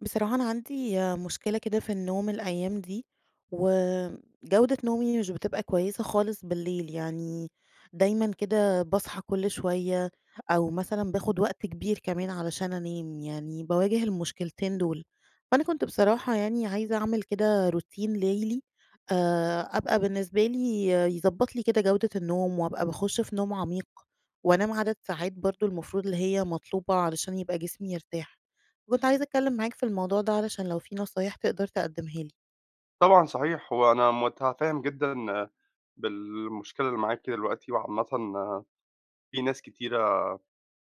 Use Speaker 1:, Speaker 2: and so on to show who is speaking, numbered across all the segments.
Speaker 1: بصراحة، أنا عندي مشكلة كده في النوم الأيام دي وجودة نومي مش بتبقى كويسة خالص بالليل، يعني دايمًا كده باصحى كل شوية أو مثلًا باخُد وقت كبير كمان علشان أنام يعني باواجه المشكلتين دُول، فأنا كنت بصراحة يعني عايزة أعمل كده روتين لَيلي آآ، أبقى بالنسبة لي يضبّط لي كده جودة النوم وأبقى باخُش في نوم عميق، وأنام عدد ساعات برضه المفروض اللي هي مطلوبة علشان يبقى جسمي يرتاح. فكنت عايزة أتكلِّم معاك في الموضوع ده علشان لو في نصايح تقدر تقدّمها لي.
Speaker 2: طبعًا صحيح، هو أنا مُتفهِّم جدًا بالمشكلة اللي معاكِ دلوقتي وعامةً في ناس كتيرة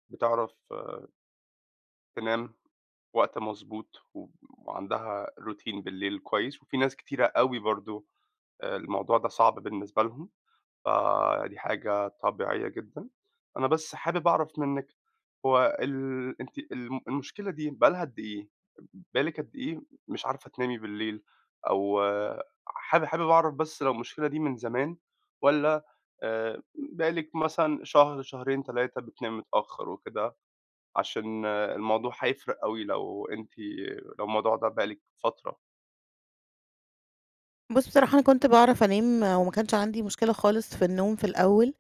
Speaker 2: بتعرف تنام وقت مضبوط و وعندها روتين بالليل كويس وفي ناس كتيرة أوي برضه آآ الموضوع ده صعب بالنسبة لهم، فدي حاجة طبيعية جدًا. أنا بس حابب أعرف منِّك هو ال أنتِ الم المشكلة دي بقى لها قد إيه؟ بقى لِك قد إيه مش عارفة تنامي بالليل؟ أو حابب حابب أعرف بس لو المشكلة دي من زمان، والّا آآ بقى لِك مثلًا شهر، شهرين، 3 بتنامي متأخّر وكده عشان الموضوع هيفرق أوي لو أنتِ لو الموضوع ده بقى لِك فترة؟
Speaker 1: بُصّ، بصراحة أنا كنت باعرف أنام وما كانش عندي مشكلة خالص في النوم في الأول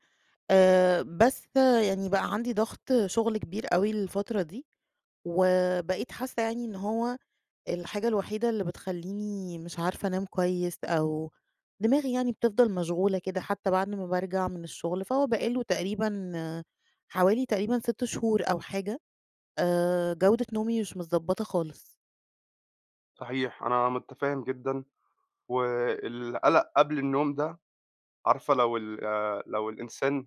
Speaker 1: آآ، بس يعني بقى عندي ضغط شغل كبير أوي، الفترة دي وبقيت حاسة يعني إن هو الحاجة الوحيدة اللي بتخلّيني مش عارفة أنام كويس، أو دماغي يعني بتفضَل مشغولة كده حتى بعد ما بارجع من الشغل، فهو بقى له تقريبًا حوالي تقريبًا 6 شهور أو حاجة آآ، جودة نومي مش متضبّطة خالص.
Speaker 2: صحيح، أنا متفهّم جدًا، والقَلَق قبل النوم ده، عارفة لو ال آآ، لو الإنسان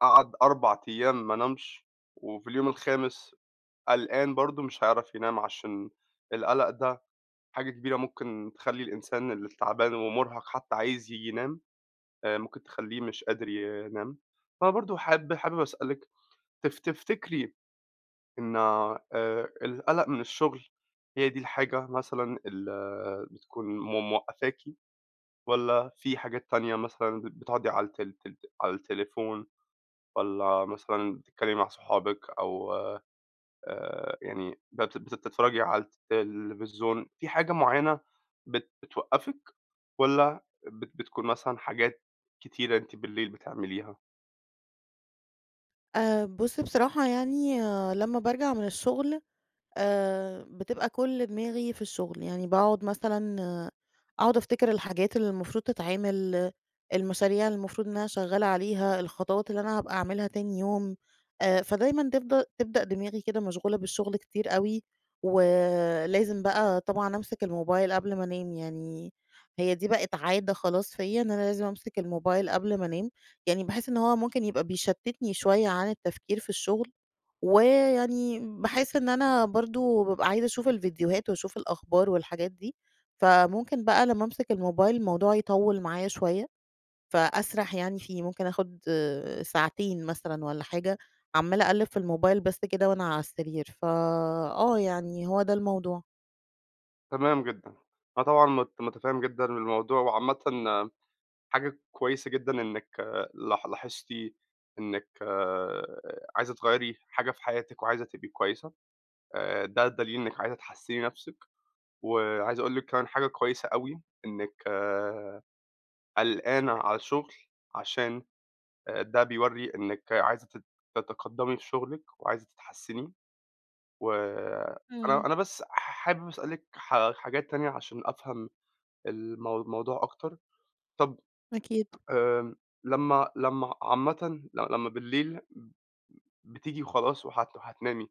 Speaker 2: قعَد 4 أيام ما نامش وفي اليوم الخامس قلقان برضه، مش هيعرف ينام عشان القَلَق ده حاجة كبيرة، ممكن تخلّي الإنسان اللي تعبان ومُرهق حتى عايز ييجي ينام آآ، ممكن تخلّيه مش قادر ينام، فبرضه حاب حابب أسألِك تف تفتكري إن آآ، القَلَق من الشغل هي دي الحاجة مثلًا ال بتكون م موقّفاكِ، والَّا فيه حاجات تانية مثلًا ب بتقعدي على الت تل على التليفون والَّا مثلًا بتتكلمي مع صحابِك أو آآ، يعني بت بتتفرّجي على التلفزيون، فيه حاجة معيّنة بت بتوقّفِك، والَّا بت بتكون مثلًا حاجات كتيرة أنتِ بالليل بتعمليها؟
Speaker 1: آآ بُصّ بصراحة يعني لمّا بارجَع من الشُّغل آآ بتبقى كلّ دماغي في الشُّغل، يعني باقعُد مثلًا أقعُد أفتكِر الحاجات اللي المفروض تتعِمل، المشاريع اللي المفروض إن أنا شغَّالة عليها، الخطوات اللي أنا هابقى أعملها تاني يوم. آآ فدايمًا تفض تبدأ دماغي كده مشغولة بالشُّغل كتير أوي، ولازم بقى طبعًا أمسِك الموبايل قبْل ما أنام، يعني هي دي بقِت عادة خلاص فيَّ، إن أنا لازم أمسِك الموبايل قبْل ما أنام، يعني باحس إن هو ممكن يبقى بيشتِّتني شويّة عن التفكير في الشغل ويعني باحس إن أنا برضه ببقى عايزة أشوف الفيديوهات وأشوف الأخبار والحاجات دي، فممكن بقى لمّا أمسِك الموبايل الموضوع يطوِّل معايا شويّة فأسرح يعني فيه، ممكن آخُد ساعتين مثلًا والّا حاجة عمَّالة أقلّب في الموبايل بس كده وأنا عالسرير، ف آه يعني هو ده الموضوع.
Speaker 2: تمام جدًا، أنا طبعًا مت متفهّم جدًا بالموضوع وعامةً حاجة كويّسة جدًا إنِك لا لاحظتِ إنِك آآ عايزة تغيّري حاجة في حياتِك وعايزة تبقي كويّسة آآ، ده دليل إنِك عايزة تحسِّني نفْسِك وعايز أقول لِك كمان حاجة كويّسة أوي إنِك قلقانة على الشُّغل عشان آآ ده بيورّي إنِك عايزة تت تتقدِّمي في شغلِك وعايزة تتحسِّني، وأنا
Speaker 1: امم.
Speaker 2: أنا بس ح حابب أسألِك حا حاجات تانية عشان أفهَم المو الموضوع أكتر. طَب
Speaker 1: أكيد.
Speaker 2: آآ لمّا لمّا عامةً لمّا بالليل ب بتيجي وخلاص وهت وهتنامي،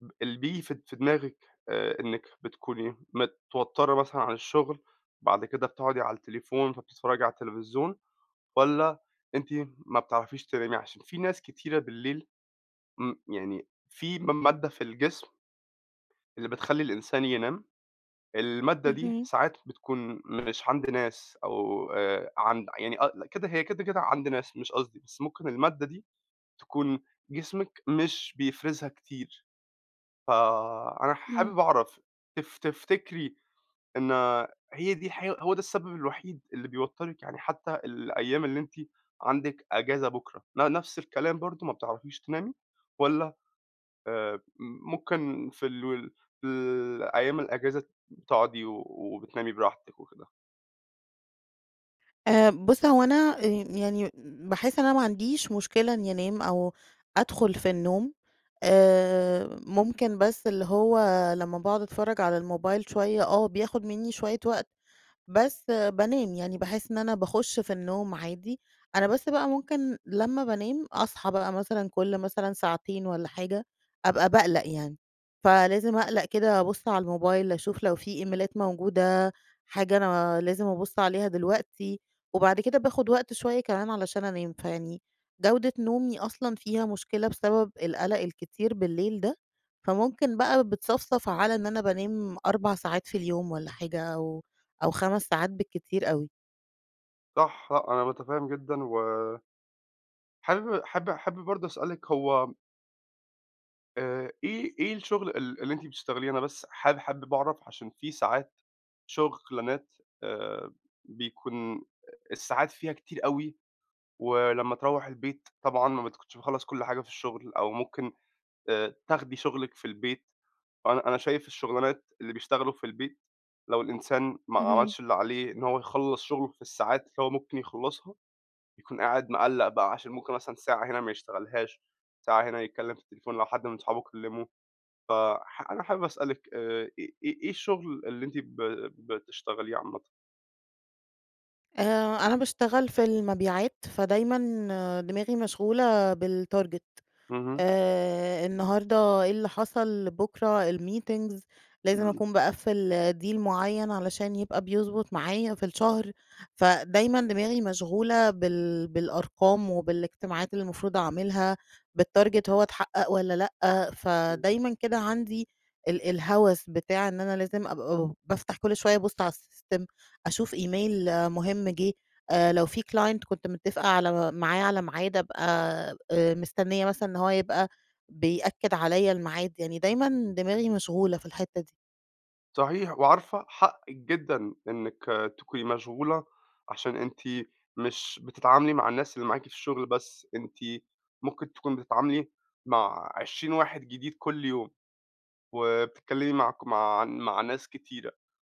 Speaker 2: ب اللي بييجي في د في دماغِك آآ إنِك بتكوني متوتّرة مثلًا عن الشُّغل بَعد كده بتقعُدي على التليفون فبتتفرّجي على التلفزيون والّا أنتِ ما بتعرَفيش تنامي عشان في ناس كتيرة بالليل امم، يعني في م مادّة في الجسم اللي بتخلِّي الإنسان ينام، المادّة دي
Speaker 1: اهم.
Speaker 2: ساعات بتكون مش عَند ناس أو آآ عند يعني ق كده هي كده كده عند ناس، مش قصدي بس ممكن المادّة دي تكون جسمِك مش بيفرِزها كتير. فأنا
Speaker 1: امم.
Speaker 2: حابب أعرف تف تفتكري إن هي دي الحقي هو ده السبب الوحيد اللي بيوتّرِك يعني حتى الأيام اللي أنتِ عندِك إجازة بكرة ن نَفْس الكلام برضه، ما بتعرَفيش تنامي والَّا آآ ممكن في ال وال في الأيام الإجازة تقعُدي و وبتنامي براحتِك وكده.
Speaker 1: آآ بُص، هو أنا آآ يعني باحس إن أنا ما عنديش مشكلة إنّي أنام أو أدخُل في النوم، آآ ممكن بس اللي هو لمّا باقعُد أتفرّج على الموبايل شوية آه، بياخُد منّي شوية وقت بس بانام، يعني باحس إن أنا باخُش في النوم عادي، أنا بس بقى ممكن لمّا بانام أصحى بقى مثلًا كل مثلًا ساعتين والّا حاجة أبقى باقلَق يعني. فلازم أقلَق كده أبُص على الموبايل أشوف لو في إيميلات موجودة، حاجة أنا لازم أبُص عليها دلوقتي وبعد كده باخُد وقت شوية كمان علشان أنام، فيعني جودة نومي أصلًا فيها مشكلة بسبب القَلَق الكتير بالليل ده، فممكن بقى بتصَفْصَف على إن أنا بانام 4 ساعات في اليوم والّا حاجة أو أو 5 ساعات بالكتير أوي.
Speaker 2: صح، أنا مُتفهِّم جدًا و حابب حاب حابب برضه أسألِك هو آآ إيه إيه الشُغل ال اللي أنتِ بتشتغليه؟ أنا بس حاب حابب أعرف عشان في ساعات شُغلانات آآ بيكون الساعات فيها كتير أوي ولمّا تروّح البيت طبعًا ما بتكونش مخلَّص كل حاجة في الشُغل أو ممكن آآ تاخدي شُغلِك في البيت وأنا أنا شايف الشُغلانات اللي بيشتغلوا في البيت لو الإنسان ما
Speaker 1: اهم.
Speaker 2: عملش اللي عليه إن هو يخلَّص شُغله في الساعات اللي هو ممكن يخلَّصها، يكون قاعد مقَلَّق بقى عشان ممكن مثلًا ساعة هنا ما يشتغلهاش، ساعة هنا يتكلِّم في التليفون لو حد من صحابه كلِّمه، فح أنا حابب أسألِك آآ آآ آآ إيه الشُغل اللي أنتِ ب بتشتغليه عامةً؟
Speaker 1: آآ، أنا باشتغل في المبيعات فدايمًا دماغي مشغولة بالtarget
Speaker 2: اهم.
Speaker 1: آآ النهاردة إيه اللي حصل بكرة الmeetings لازم
Speaker 2: إمم.
Speaker 1: أكون باقفل deal معين علشان يبقى بيضبط معايا في الشهر فدايمًا دماغي مشغولة بال بالأرقام وبالاجتماعات اللي المفروض أعملها بالtarget هو اتحقق والَّا لأ،
Speaker 2: إمم.
Speaker 1: فدايمًا كده عندي ال الهوس بتاع إن أنا لازم أبقى ب بافتح كل شوية أبُص على السيستم أشوف إيميل مهم جِه آآ لو في client كنت متفقة على معاه على ميعاد أبقى آآ مستنية مثلًا إن هو يبقى بيأكد عليَّ الميعاد، يعني دايمًا دماغي مشغولة في الحتة دي.
Speaker 2: صحيح وعارفة حقِك جدًا إنِك تكوني مشغولة، عشان أنتِ مش بتتعاملي مع الناس اللي معاكِ في الشغل بس؛ أنتِ ممكن تكوني بتتعاملي مع 20 واحد جديد كل يوم. وبتتكلمي مع ك مع مع ناس كتيرة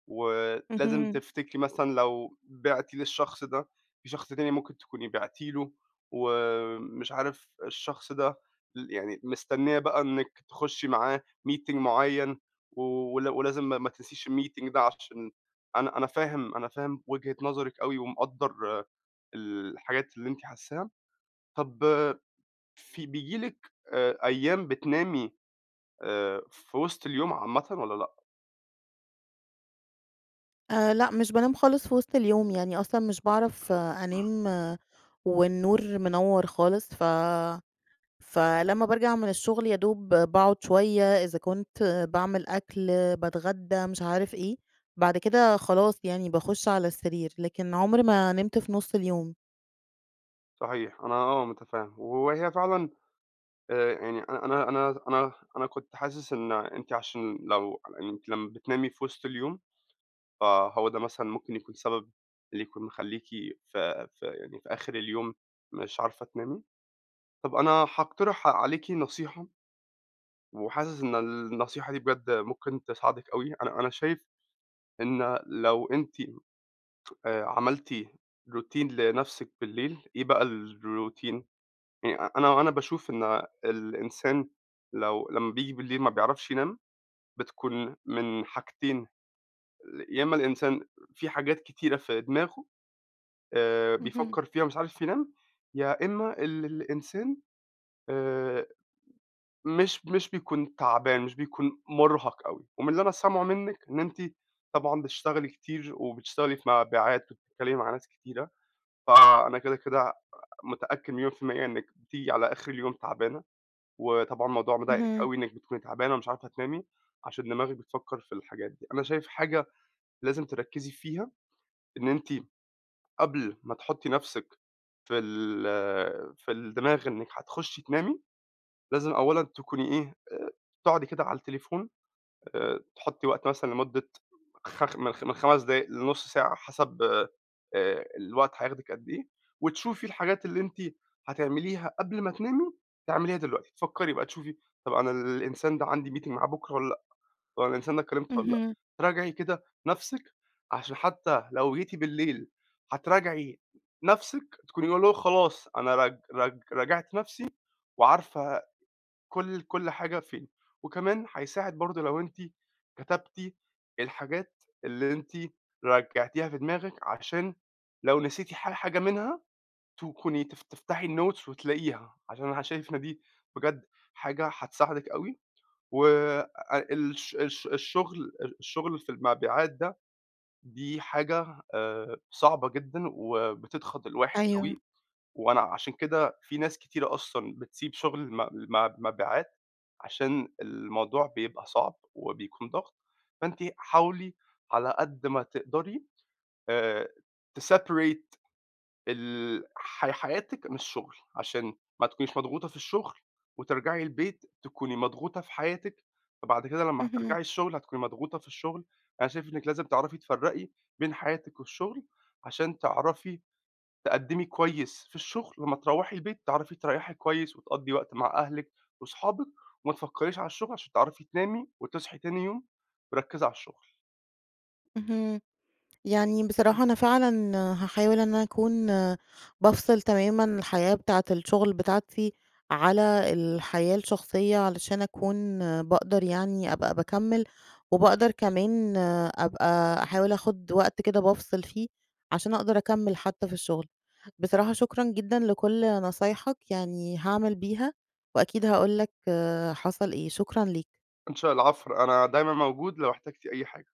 Speaker 2: ولازم
Speaker 1: اهم.
Speaker 2: تفتكري مثلًا لو بِعتِ للشخص ده، في شخص تاني ممكن تكوني بِعتِ له ومش عارف الشخص ده ل يعني مستنية بقى إنِك تخشي معاه meeting معين و ولازم ما تنسيش الmeeting ده عشان أنا أنا فاهم أنا فاهم وجهة نظرِك أوي ومقدر الحاجات اللي أنتِ حاساها. طَب في بييجي لِك آآ أيام بتنامي آآ في وسط اليوم عامةً والّا لأ؟
Speaker 1: آآ لأ مش بانام خالص في وسط اليوم يعني أصلًا مش باعرف أنام والنور منوَّر خالص ف فلمّا بارجع من الشغل، يدوب ب باقعد شويّة إذا كنت باعمل أكل باتغدى مش عارف إيه، بعد كده خلاص يعني باخش على السرير لكن عُمري ما نمت في نُص اليوم.
Speaker 2: صحيح أنا آه متفهم وهي فعلًا آآ يعني أنا أنا أنا أنا كُنت حاسس إن أنتِ عشان لو على إنِّك لمّا بتنامي في وسط اليوم فَهو ده مثلًا ممكن يكون سبب، اللي يكون مخلّيكِ في في يعني في آخر اليوم مش عارفة تنامي؟ طب أنا هاقترح عليكِ نصيحة وحاسس إن النصيحة دي بجد ممكن تساعدِك أوي أنا أنا شايف إن لو أنتِ آآ عملتِ routine لنفسِك بالليل إيه بقى، الroutine يعني أنا أنا باشوف إن آآ الإنسان لو لمّا بييجي بالليل ما بيعرفش ينام بتكون من حاجتين، يا إما الإنسان في حاجات كتيرة في دماغه آآ
Speaker 1: اهم.
Speaker 2: بيفكر فيها ومش عارف ينام، يا إما ال الإنسان آآ مش مش بيكون تعبان مش بيكون مرهق أوي، ومن اللي أنا سامعه مِنّك إن أنتِ طبعًا بتشتغلي كتير وبتشتغلي في مبيعات وبتتكلّمي مع ناس كتيرة فَأنا كده كده متأكّد مليون في ال100 إنِّك بتيجي على آخر اليوم تعبانة، وطبعًا موضوع مضايقك
Speaker 1: اهم.
Speaker 2: أوي إنِّك بتكوني تعبانة ومش عارفة تنامي عشان دماغِك بتفكر في الحاجات دي، أنا شايف حاجة لازم تركّزي فيها إن أنتِ قبل ما تحطّي نفسِك في ال في الدماغ إنِّك هتخشي تنامي لازم اولًا تكوني إيه، آآ تقعدي كده على التليفون آآ تحطّي وقت مثلًا لمدة خ م خ من 5 دقايق لنُّص ساعة حسب آآ الوقت هياخدك قد إيه، وتشوفي الحاجات اللي أنتِ هتعمليها قبل ما تنامي تِعمليها دلوقتي. تفكّري بقى تشوفي طب أنا الإنسان ده عندي meeting معاه بكرة ووالّا لأ؟ طب الإنسان ده كلمته ووالّا لأ،
Speaker 1: اهم.
Speaker 2: تراجعي كده نفسِك عشان حتّى لو جيتِ بالليل هتراجعي نفسِك تكوني اللي هو خلاص أنا رج رج راجعت نفسي وعارفة كل كل حاجة فين، وكمان هيساعد برضه لو أنتِ كتبتِ الحاجات اللي أنتِ راجعتيها في دماغك عشان لو نسيتِ ح حاجة منها تكوني تف تفتحي الnotes وتلاقيها عشان أنا شايف إن دي بجد حاجة هتساعدِك أوي، وآآ الش الش الشغل ال الشغل في المبيعات ده دي حاجة آآ صعبة جدًا وبتضغط الواحد
Speaker 1: أيوه.
Speaker 2: أوي، وأنا عشان كده في ناس كتيرة أصلًا بتسيب شغل م م مبيعات عشان الموضوع بيبقى صعب وبيكون ضغط، فأنتِ حاولي على قد ما تقدري آآ تseparate ال حي حياتِك من الشغل عشان ما تكونيش مضغوطة في الشغل وترجعي البيت تكوني مضغوطة في حياتِك، فبعد كده لمّا
Speaker 1: اهم.
Speaker 2: هترجعي الشغل هتكوني مضغوطة في الشغل، فأنا شايف إنِّك لازم تعرفي تفرقي بين حياتِك والشغل عشان تعرفي تقدمي كويّس في الشغل، لمّا تروحي البيت تعرفي تريحي كويّس وتقضي وقت مع أهلِك وأصحابِِك وما تفكريش على الشغل عشان تعرفي تنامي وتصحي تاني يوم مـرَكِزَة على الشغل.
Speaker 1: اهم. يعني بصراحة أنا فعلًا هاحاول إن أكون بافصِل تمامًا الحياة بتاعة الشغل بتاعتي، على الحياة الشخصيّة علشان أكون باقدر يعني أبقى باكمّل وباقدر كمان آآ أبقى أحاول آخد وقت كده بافصل فيه، عشان أقدر أكمّل حتّى في الشغل بصراحة شكرًا جدًا لكل نصايّحك يعني هاعمل بيها وأكيد هاقول لك آآ حصل إيه. شكرًا ليك.
Speaker 2: إن شاء ال العفو. أنا دايمًا موجود لو احتجتِ أي حاجة.